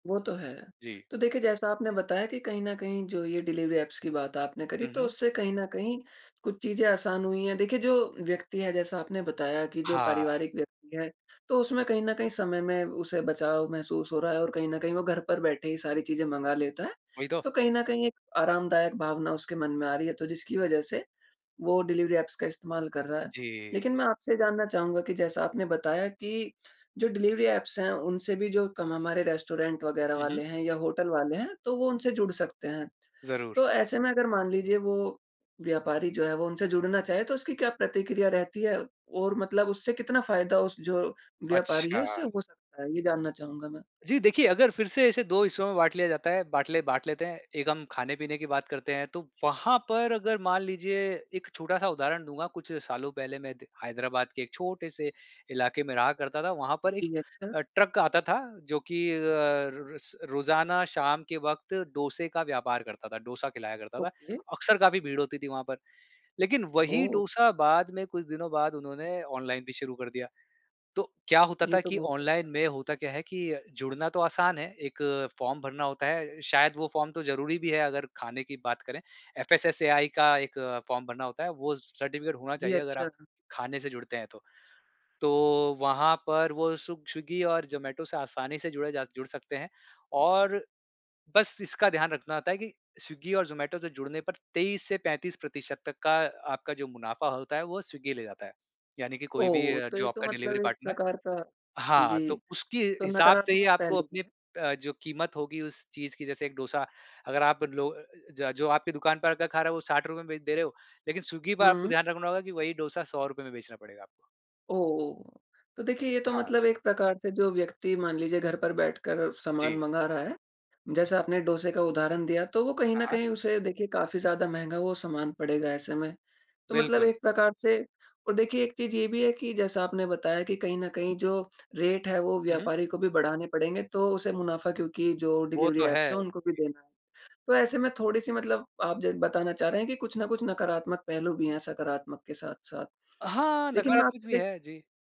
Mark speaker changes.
Speaker 1: वो तो है।
Speaker 2: जी।
Speaker 1: तो देखिए, जैसा आपने बताया कि कहीं न कहीं जो ये डिलिवरी ऐप्स की बात आपने करी,
Speaker 2: हुँ,
Speaker 1: तो
Speaker 2: हुँ।
Speaker 1: उससे कहीं न कहीं कुछ चीज़ें आसान हुई है। देखिए, जो व्यक्ति है जैसा आपने बताया कि जो
Speaker 2: हाँ।
Speaker 1: पारिवारिक व्यक्ति है, तो उसमें कहीं न कहीं समय में उसे बचाव महसूस हो रहा है और कहीं न कहीं वो घर पर बैठे ही सारी चीज़ें मँगा लेता है।
Speaker 2: वही तो।
Speaker 1: तो कहीं न कहीं एक आरामदायक भावना उसके मन में आ रही है, तो जिसकी वज़ह से वो डिलिवरी ऐप्स का इस्तेमाल कर रहा है।
Speaker 2: जी।
Speaker 1: लेकिन मैं आपसे ये जानना चाहूँगा कि जैसा आपने बताया कि जो डिलिवरी ऐप्स हैं, उनसे भी जो कम हमारे रेस्टोरेंट वग़ैरह
Speaker 2: हुँ, हुँ।
Speaker 1: वाले हैं या होटल वाले हैं, तो वो उनसे जुड़ सकते हैं।
Speaker 2: ज़रूर।
Speaker 1: तो ऐसे में अगर मान लीजिए वो व्यापारी जो है, वो उनसे जुड़ना चाहे तो उसकी क्या प्रतिक्रिया रहती है? और मतलब उससे कितना फ़ायदा उस जो व्यापारी है
Speaker 2: अच्छा।
Speaker 1: उसे हो सकता है? ये जानना चाहूँगा मैं?
Speaker 2: जी, देखिए अगर फिर से ऐसे 2 हिस्सों में बाँट लिया जाता है, बाटले बाँट लेते हैं, एक हम खाने-पीने की बात करते हैं, तो वहाँ पर अगर मान लीजिए एक छोटा-सा उदाहरण दूँगा, कुछ सालों पहले मैं त हैदराबाद के एक छोटे से इलाके में रहा करता था, वहाँ पर एक
Speaker 1: जी, अच्छा।
Speaker 2: अ, ट्रक आता था। जो कि अ, र र स रोज़ाना शाम के वक़्त डोसे का व्यापार करता था, डोसा खिलाया करता था,
Speaker 1: ओके।
Speaker 2: अक्सर काफ़ी भीड़ होती थी वहाँ पर, लेकिन वही
Speaker 1: ओह!
Speaker 2: डोसा बाद में कुछ दिनों बाद उन्होंने ऑनलाइन भी शुरू कर दिया। तो क्या होता
Speaker 1: ये
Speaker 2: था
Speaker 1: तो
Speaker 2: कि
Speaker 1: बहुत
Speaker 2: ऑनलाइन
Speaker 1: अच्छा
Speaker 2: में
Speaker 1: करा।
Speaker 2: होता क्या है कि अ, जुड़ना तो आसान है, 1 फ़ॉर्म भरना होता है, शायद वो फ़ॉर्म तो ज़रूरी भी है अगर खाने की बात करें, एफएसएसएआई का 1 फ़ॉर्म भरना होता है, वो स सर्टिफ़िकेट होना
Speaker 1: जी,
Speaker 2: चाहिए, अगर आप
Speaker 1: अच्छा।
Speaker 2: खाने से जुड़ते हैं तो। तो वहाँ पर वो सुग स्विग्गी और ज़ोमैटो से आसानी से जुड़े जा जुड़ सकते हैं, और बस इसका ध्यान रखना होता है कि स्विग्गी और ज़ोमैटो से जुड़ने पर 23 से 35% प्रतिशत तक का अ, आपका जो मुनाफ़ा होता है वो स्विग्गी ले जाता है। यानी कि कोई भी
Speaker 1: ओह!
Speaker 2: अ,
Speaker 1: तो ये
Speaker 2: जो
Speaker 1: तो
Speaker 2: आपका
Speaker 1: मतलब
Speaker 2: डिलिवरी
Speaker 1: एक
Speaker 2: पार्टनर है
Speaker 1: प्रकार का
Speaker 2: हाँ,
Speaker 1: जी,
Speaker 2: तो उसके
Speaker 1: तो
Speaker 2: हिसाब से ही
Speaker 1: नकारात्मक
Speaker 2: आपको
Speaker 1: पहलू भी
Speaker 2: अपनी
Speaker 1: है।
Speaker 2: अ, जो कीमत होगी उस चीज़ की जैसे 1 डोसा अगर आप लो अ अ, ज जो आपकी दुकान पर आ कर खा रहा है वो ₹60 में भी दे रहे हो। लेकिन स्विग्गी पर आपको
Speaker 1: हुँ।
Speaker 2: ध्यान रखना होगा कि वही डोसा ₹100 में बेचना पड़ेगा आपको।
Speaker 1: ओह! तो देखिए, ये तो
Speaker 2: हाँ।
Speaker 1: मतलब एक प्रकार से जो व्यक्ति मान लीजिए घर पर बैठकर सामान
Speaker 2: जी।
Speaker 1: मँगा रहा है, जैसा आपने डोसे का उदाहरण दिया, तो वो कहीं
Speaker 2: हाँ,
Speaker 1: न
Speaker 2: हाँ।
Speaker 1: कहीं उसे देखिए काफ़ी ज़्यादा महँगा वो सामान पड़ेगा ऐसे में। तो मतलब
Speaker 2: बिल्कुल।
Speaker 1: एक प्रकार से और देखिए एक चीज़ ये भी है कि जैसा आपने बताया कि कहीं न कहीं जो रेट है, वो
Speaker 2: हुँ, हुँ।
Speaker 1: व्यापारी को भी बढ़ाने पड़ेंगे, तो उसे मुनाफ़ा क्योंकि जो
Speaker 2: वो
Speaker 1: डिलिवरी
Speaker 2: तो है।
Speaker 1: ऐप्स हैं
Speaker 2: जी।
Speaker 1: उनको भी देना है। तो ऐसे में थोड़ी-सी मतलब आप ज बताना चाह रहे हैं, कि कुछ न कुछ नकारात्मक पहलू भी हैं सकारात्मक के साथ-साथ।
Speaker 2: हाँ,
Speaker 1: लेकिन मैं
Speaker 2: नकारात्मक भी
Speaker 1: आपसे दे
Speaker 2: है। जी।